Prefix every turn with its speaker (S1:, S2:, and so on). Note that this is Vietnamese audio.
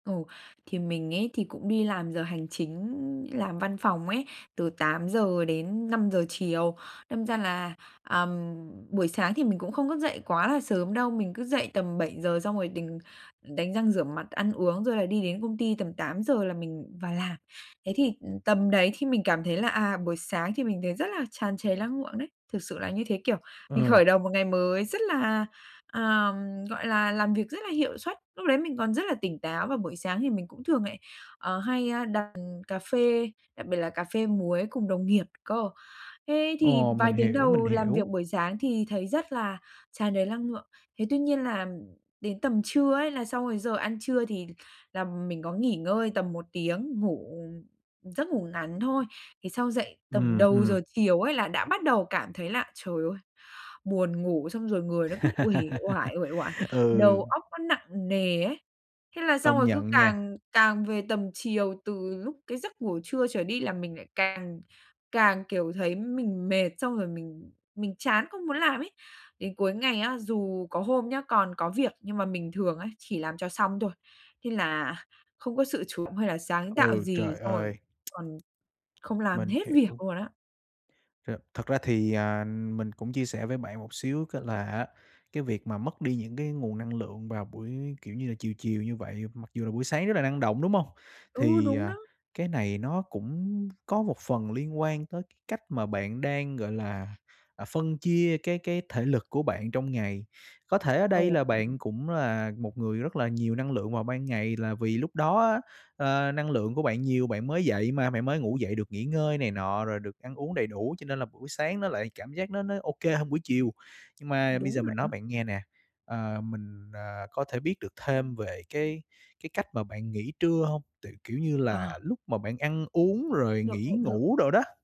S1: Ồ, thì mình ấy thì cũng đi làm giờ hành chính, làm văn phòng ấy, từ 8:00-5:00 chiều, đâm ra là, à, ừm, buổi sáng thì mình cũng không thức dậy quá là sớm đâu. Mình cứ dậy tầm 7:00 xong rồi đình đánh răng rửa mặt, ăn uống, rồi là đi đến công ty tầm 8:00 là mình vào làm. Thế thì, ừm, tầm đấy thì mình cảm thấy là, à, buổi sáng thì mình thấy rất là tràn trề lăng lượng đấy, thực sự là như thế, kiểu, mình
S2: Ờ.
S1: khởi đầu một ngày mới rất là, à, ừm, gọi là, làm việc rất là hiệu suất, lúc đấy mình còn rất là tỉnh táo. Và buổi sáng thì mình cũng thường lại, ờ, hay, ơ, đặt cà phê, đặc biệt là cà phê muối cùng đồng nghiệp cơ. Thế thì
S2: Ồ,
S1: vài
S2: mình
S1: tiếng
S2: hiểu, mình
S1: đầu làm
S2: hiểu.
S1: việc buổi sáng thì thấy rất là tràn đầy lăng lượng. Thế tuy nhiên là đến tầm trưa ấy là sau cái giờ ăn trưa thì là mình có nghỉ ngơi tầm 1 tiếng ngủ, ừm, giấc ngủ ngắn thôi. Thì sau dậy tầm
S2: Ừm,
S1: đầu
S2: ừm.
S1: giờ chiều ấy, là đã bắt đầu cảm thấy là, trời ơi, buồn ngủ, xong rồi người nó cứ uể oải, uể oải,
S2: Ừ.
S1: đầu óc nó nặng nề ấy. Thế là xong
S2: Công
S1: rồi cứ
S2: nhận nha.
S1: càng càng về tầm chiều từ lúc cái giấc ngủ trưa trở đi là mình lại càng càng, kiểu, thấy mình mệt xong rồi mình mình chán không muốn làm ấy. Đến cuối ngày á, dù có hôm nhá, còn có việc nhưng mà mình thường ấy, chỉ làm cho xong thôi, thế là không có sự chú hay là sáng tạo
S2: Ừ,
S1: gì
S2: trời
S1: xong rồi
S2: ơi!
S1: còn không làm
S2: Mình
S1: hết việc
S2: hiểu.
S1: luôn á.
S2: Ch thật ra thì, à, mình cũng chia sẻ với bạn một xíu cái là á, cái việc mà mất đi những cái nguồn năng lượng vào buổi, kiểu như là, chiều chiều như vậy, mặc dù là buổi sáng rất là năng động, đúng hông?
S1: Ừ,
S2: Thì,
S1: đúng
S2: à,
S1: đó.
S2: cái này nó cũng có một phần liên quan tới cách mà bạn đang, gọi là, à, phân chia cái cái thể lực của bạn trong ngày. Có thể ở đây
S1: Ồ.
S2: là bạn cũng là một người rất là nhiều năng lượng vào ban ngày là vì lúc đó á, ơ, năng lượng của bạn nhiều bạn mới dậy mà, bạn mới ngủ dậy được nghỉ ngơi này nọ, rồi được ăn uống đầy đủ cho nên là buổi sáng nó lại cảm giác nó nó OK hơn buổi chiều. Nhưng mà bây
S1: Đúng
S2: giờ
S1: vậy
S2: mình nói
S1: đó.
S2: bạn nghe nè, ờ, mình, à, có thể biết được thêm về cái cái cách mà bạn nghỉ trưa hông? Tại, kiểu như
S1: Ờ.
S2: là, lúc mà bạn ăn uống rồi
S1: Được,
S2: nghỉ
S1: vậy được.
S2: ngủ đồ đó.